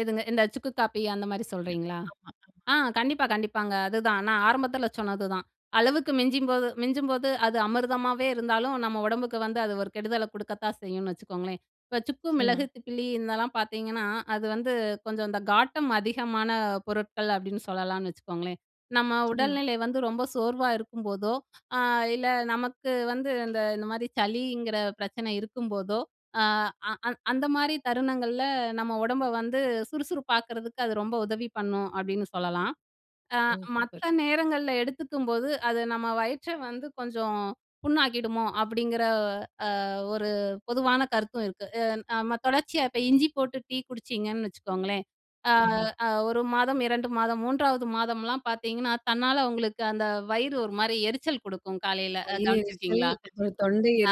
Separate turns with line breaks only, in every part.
எதுங்க? இந்த சுக்கு காபி அந்த மாரி சொல்றீங்களா?
ஆமா, ஆமா.
ஆ, கண்டிப்பா, கண்டிப்பாங்க. அதுதான் நான் ஆரம்பத்துல சொன்னது தான். அளவுக்கு மிஞ்சும்போது மிஞ்சும்போது அது அமிர்தமாவே இருந்தாலும் நம்ம உடம்புக்கு வந்து அது ஒரு கெடுதல குடுக்கத்தான் செய்யும்ன்னு வச்சுக்கோங்களேன். இப்ப சுக்கு,
நிச்சயமா.
மிளகு, திப்பிலி இதெல்லாம் பாத்தீங்கன்னா, அது வந்து கொஞ்சம் இந்த காட்டம் அதிகமான பொருட்கள் அப்டின்னு சொல்லலாம்னு வச்சுக்கோங்களேன். நம்ம உடல்
நிச்சயமா.
நிலை வந்து ரொம்ப சோர்வா இருக்கும் போதோ, அ இல்ல நமக்கு வந்து அந்த இந்த மாரி சளிங்கற பிரச்சன இருக்கும் போதோ ஆ அ அந்த மாரி தருணங்கள்ல நம்ம உடம்ப வந்து சுறுசுறுப்பாக்கறதுக்கு அது ரொம்ப உதவி பண்ணும் அப்டின்னு சொல்லலாம். ஆ
ஓ!
மத்த
சூப்பர்.
நேரங்கள்ல எடுத்துக்கும் போது அது நம்ம வயிற்ற வந்து கொஞ்சம் புண்ணாக்கிடுமோ அப்டிங்கிற அ ஒரு பொதுவான கருத்தும் இருக்கு. அ நம்ம தொடர்ச்சியா இப்ப இஞ்சி போட்டு டீ குடிச்சீங்கன்னு வச்சுக்கோங்களேன், ஆ
ம்ஹ்ம்.
ஆ 1 மாதம், 2 மாதம், 3 மாதம்லாம் பார்த்தீங்கன்னா தன்னால உங்களுக்கு அந்த வயிறு ஒரு மாரி எரிச்சல் குடுக்கும் காலைல,
வயிறெரிச்சல்,
கவனிச்சிருக்கீங்களா?
அப்புறம்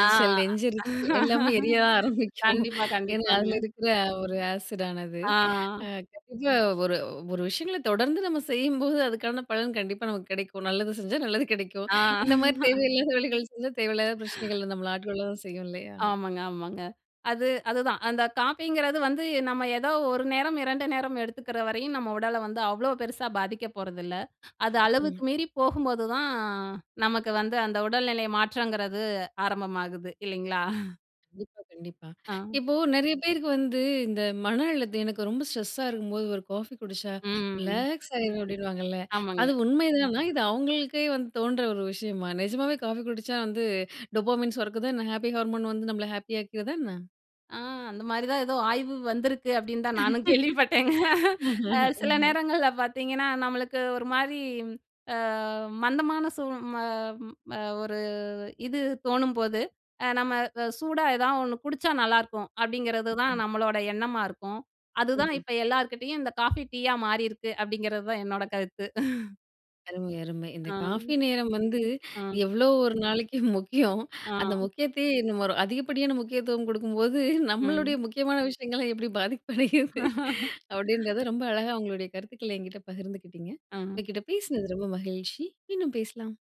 ஆ.
நெஞ்செரிச்சல் எல்லாமே எரியத்தான் ஆரம்பிக்கும்.
கண்டிப்பா,
ஏன்னா
கண்டிப்பாங்க.
அதுல இருக்குற ஒரு ஆசிடானது. அ
ஆ.
கண்டிப்பா ஒரு ஒரு விஷயங்கள தொடர்ந்து நம்ம செய்யும்போது அதுக்கான பலன் கண்டிப்பா நமக்கு கெடைக்கும். நல்லது செஞ்சா நல்லது கெடைக்கும்.
ஆ.
இந்த மாரி தேவையில்லாத வேலைகள் செஞ்சா தேவையில்லாத ப்ரச்சனைகள்ல நம்மள ஆட்கொள்ள தான் செய்யும் இல்லையா?
ஆமாங்க ஆமாங்க. அது அதுதான், அந்த காபிங்கிறது வந்து நம்ம ஏதாவது 1 நேரம், 2 நேரம் எடுத்துக்கற வரையும் நம்ம உடல வந்து அவ்ளோ பெருசா பாதிக்க போறது இல்ல. அது
நிச்சயமா.
அளவுக்கு மீறி போகும் போது தான் நமக்கு வந்து அந்த உடல்நிலை மாற்றங்கிறது ஆரம்பமாகுது இல்லைங்களா?
கண்டிப்பா கண்டிப்பா.
ஆ.
இப்போ நெறைய பேருக்கு வந்து இந்த மன அழுத்தம் எனக்கு ரொம்ப ஸ்ட்ரெஸ்ஸா இருக்கும் போது ஒரு காபி குடிச்சா,
ம்.
ரிலாக்ஸ் ஆயிரும் அப்டின்வாங்கள,
ஆமாங்க.
அது உண்மைதானா? இது அவங்களுக்கே வந்து தோன்ற ஒரு விஷயமா? நெஜமாவே காபி குடிச்சா வந்து, டொபமைன் சொரக்குதா என்ன? ஹாப்பி ஹார்மோன் வந்து நம்மள ஹாப்பியாக்கிருதா என்ன?
அ அந்த மாதிரிதான் ஏதோ ஆய்வு வந்திருக்கு அப்டின்னுதான் நானும் கேள்விப்பட்டேங்க. அ சில நேரங்கள்ல பாத்தீங்கன்னா நம்மளுக்கு ஒரு மாரி, ஆ மந்தமான சூ ம அ ஒரு இது தோணும்போது, அ நம்ம சூடா ஏதாவது ஒன்னு குடிச்சா நல்லா இருக்கும் அப்டிங்கறதுதான் நம்மளோட எண்ணமாருக்கும். அதுதான்
ம்ஹ்ம்.
இப்ப எல்லார்கிட்டயும் இந்த காபி, டீயா மாறிருக்கு அப்டிங்கறது தான் என்னோட கருத்து.
அருமை அருமை. இந்த
ஆ,
காபி நேரம் வந்து,
ஆ.
எவ்ளோ ஒரு நாளைக்கு முக்கியம்.
ஆ.
அந்த முக்கியத்தையே, இன்னும் ஒரு அதிகப்படியான முக்கியத்துவம் குடுக்கும்போது, நம்மளுடைய
ம்.
முக்கியமான விஷயங்கள்லாம் எப்டி பாதிப்படையுது? அப்டின்றத ரொம்ப அழகா உங்களுடைய கருத்துக்கள என்கிட்ட பகிர்ந்துக்கிட்டீங்க.
ம்.
உங்ககிட்ட பேசினது ரொம்ப மகிழ்ச்சி, மீண்டும் பேசலாம்.